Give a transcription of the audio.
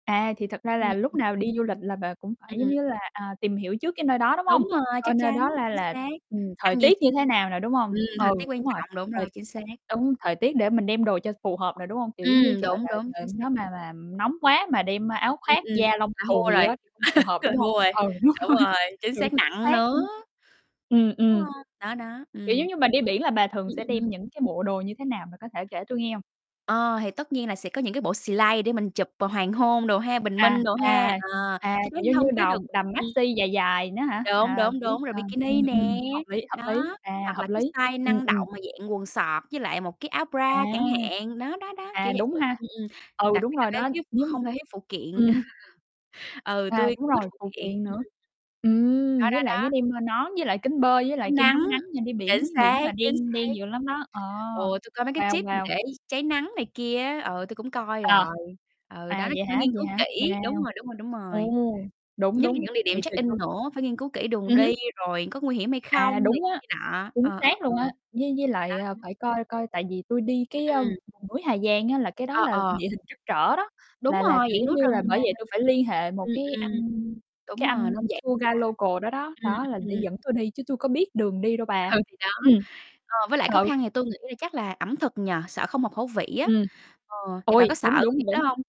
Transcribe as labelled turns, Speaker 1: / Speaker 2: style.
Speaker 1: À, thì thật ra
Speaker 2: Ừm.
Speaker 1: là lúc
Speaker 2: Ừm.
Speaker 1: nào đi du lịch là bà cũng phải, giống
Speaker 2: Ừm.
Speaker 1: như là, à, tìm hiểu trước cái nơi đó, đúng hông?
Speaker 2: Đúng rồi,
Speaker 1: Coi
Speaker 2: chắc
Speaker 1: nơi
Speaker 2: chắn,
Speaker 1: đó la
Speaker 2: chính
Speaker 1: là,
Speaker 2: xác.
Speaker 1: ừm, thời
Speaker 2: Ăn diện
Speaker 1: tiết
Speaker 2: ch
Speaker 1: như thế nào nè, đúng không?
Speaker 2: ừm, thời
Speaker 1: Ừ,
Speaker 2: tiết quan
Speaker 1: đúng rồi.
Speaker 2: trọng, đúng
Speaker 1: Thời
Speaker 2: rồi, chính xác.
Speaker 1: Đúng, thời tiết để mình đem đồ cho phù hợp nè, đúng hông? Kiểu giống như
Speaker 2: Ừm,
Speaker 1: trời
Speaker 2: đúng,
Speaker 1: đ
Speaker 2: đúng,
Speaker 1: trời
Speaker 2: chính xác.
Speaker 1: nó mà mà nóng quá mà đem áo
Speaker 2: Ừm,
Speaker 1: khoác
Speaker 2: ừm.
Speaker 1: da lông
Speaker 2: Là
Speaker 1: cừu
Speaker 2: thua
Speaker 1: gì
Speaker 2: rồi.
Speaker 1: đó thì không phù hợp,
Speaker 2: Là
Speaker 1: đúng không?
Speaker 2: thua rồi.
Speaker 1: Ừ, đúng
Speaker 2: Đúng
Speaker 1: rồi.
Speaker 2: rồi, chính
Speaker 1: Ừ,
Speaker 2: xác,
Speaker 1: chính
Speaker 2: nặng
Speaker 1: xác ư.
Speaker 2: nữa.
Speaker 1: Ừm,
Speaker 2: Đúng
Speaker 1: ừm.
Speaker 2: hông? Đó, đó.
Speaker 1: Kiểu
Speaker 2: Ừm.
Speaker 1: giống như mà đi biển là bà thường
Speaker 2: Ừm,
Speaker 1: sẽ
Speaker 2: ừm.
Speaker 1: đem những cái bộ đồ như thế nào bà có thể kể cho tui nghe hông?
Speaker 2: Ờ, thì tất nhiên là sẽ có những cái bộ slay để mình chụp, ờ, hoàng hôn đồ ha, bình
Speaker 1: À,
Speaker 2: minh đồ ha,
Speaker 1: à.
Speaker 2: ờ,
Speaker 1: À,
Speaker 2: chắc
Speaker 1: kiểu
Speaker 2: chắn
Speaker 1: như
Speaker 2: là
Speaker 1: như
Speaker 2: hông thiếu được.
Speaker 1: đồng đầm
Speaker 2: Ừm.
Speaker 1: maxi dài nữa hả?
Speaker 2: Đúng,
Speaker 1: À,
Speaker 2: đúng,
Speaker 1: kiểu,
Speaker 2: đúng, rồi
Speaker 1: à,
Speaker 2: bikini
Speaker 1: ừm,
Speaker 2: nè.
Speaker 1: ừm, hợp lý, hợp lý,
Speaker 2: Đó.
Speaker 1: à,
Speaker 2: Hoặc
Speaker 1: hợp
Speaker 2: là cái
Speaker 1: lý.
Speaker 2: style
Speaker 1: Ừm,
Speaker 2: năng
Speaker 1: ừm.
Speaker 2: động mà dạng quần soóc với lại một cái áo
Speaker 1: À!
Speaker 2: bra chẳng hạn. Đó, đó, đó,
Speaker 1: À,
Speaker 2: kiểu vậy.
Speaker 1: đúng ha.
Speaker 2: Ừm, ừm.
Speaker 1: Ừ,
Speaker 2: Đặc
Speaker 1: đúng
Speaker 2: biệt là
Speaker 1: rồi
Speaker 2: cái
Speaker 1: đó.
Speaker 2: thiếu
Speaker 1: Nhưng
Speaker 2: không thể thiếu phụ kiện.
Speaker 1: ừm.
Speaker 2: Ừ,
Speaker 1: À,
Speaker 2: tui
Speaker 1: đúng
Speaker 2: cũng thích
Speaker 1: rồi,
Speaker 2: phụ
Speaker 1: phụ
Speaker 2: kiện.
Speaker 1: kiện
Speaker 2: Ừm,
Speaker 1: nữa.
Speaker 2: ừm.
Speaker 1: Ừm,
Speaker 2: Đó,
Speaker 1: với
Speaker 2: đó,
Speaker 1: lại nhớ
Speaker 2: đó.
Speaker 1: đem theo nón, với lại kính bơi, với
Speaker 2: Kem
Speaker 1: lại
Speaker 2: chống
Speaker 1: kem
Speaker 2: nắng.
Speaker 1: chống nắng nha, đi
Speaker 2: Chính
Speaker 1: biển biển
Speaker 2: xác,
Speaker 1: mà
Speaker 2: chính
Speaker 1: đen
Speaker 2: xác.
Speaker 1: đen dữ lắm đó. Ờ.
Speaker 2: Ừ, tôi coi mấy cái
Speaker 1: Wow,
Speaker 2: tip mà
Speaker 1: wow.
Speaker 2: để cháy nắng này kia á, ờ, tui cũng coi
Speaker 1: Ờ.
Speaker 2: rồi. Ừ, đó,
Speaker 1: À,
Speaker 2: nói
Speaker 1: vậy
Speaker 2: chung phải
Speaker 1: hả?
Speaker 2: nghiên
Speaker 1: Vậy
Speaker 2: cứu
Speaker 1: hả?
Speaker 2: kỹ, đúng
Speaker 1: Wow.
Speaker 2: rồi, đúng rồi, đúng rồi.
Speaker 1: Ồ! Đúng,
Speaker 2: Nhất là
Speaker 1: đúng.
Speaker 2: những địa điểm
Speaker 1: Thì
Speaker 2: check
Speaker 1: phải
Speaker 2: in
Speaker 1: có
Speaker 2: nữa, phải nghiên cứu kỹ đường
Speaker 1: Ừm hứm.
Speaker 2: đi, rồi có nguy hiểm hay
Speaker 1: À,
Speaker 2: không này
Speaker 1: đúng
Speaker 2: kia,
Speaker 1: á.
Speaker 2: kia nọ.
Speaker 1: Chính
Speaker 2: Ờ, ờ,
Speaker 1: xác
Speaker 2: ờ.
Speaker 1: luôn á. Với với
Speaker 2: Đó
Speaker 1: lại, ờ,
Speaker 2: [unintelligible]
Speaker 1: phải coi coi tại vì tui đi
Speaker 2: Ừm,
Speaker 1: cái, a,
Speaker 2: ừm.
Speaker 1: vùng núi Hà Giang á là cái đó
Speaker 2: Ơ,
Speaker 1: là
Speaker 2: ờ.
Speaker 1: địa hình trắc trở đó,
Speaker 2: Đúng
Speaker 1: là là,
Speaker 2: rồi,
Speaker 1: kiểu,
Speaker 2: dạng
Speaker 1: giống
Speaker 2: núi
Speaker 1: như là,
Speaker 2: rừng nè.
Speaker 1: bởi vậy tui phải li hệ một
Speaker 2: Ừm,
Speaker 1: cái
Speaker 2: ừm.
Speaker 1: anh
Speaker 2: Đúng
Speaker 1: cái
Speaker 2: rồi,
Speaker 1: anh
Speaker 2: nên vậy
Speaker 1: tour guy
Speaker 2: bà
Speaker 1: local đó đó,
Speaker 2: ừm,
Speaker 1: đó là
Speaker 2: ừm,
Speaker 1: để
Speaker 2: ừm.
Speaker 1: dẫn tôi đi chứ tui có biết đường đi đâu bà.
Speaker 2: Ừ, thì đó.
Speaker 1: Ừm.
Speaker 2: Ờ, với lại khó
Speaker 1: Ừ.
Speaker 2: khăn thì tôi nghĩ là chắc là ẩm thực nhỉ? Sợ không hợp khẩu vị á.
Speaker 1: Ừm.
Speaker 2: Ờ, thì bà
Speaker 1: Ôi,
Speaker 2: có sợ
Speaker 1: đúng,
Speaker 2: cái việc
Speaker 1: đúng,
Speaker 2: đó
Speaker 1: đúng.
Speaker 2: hông?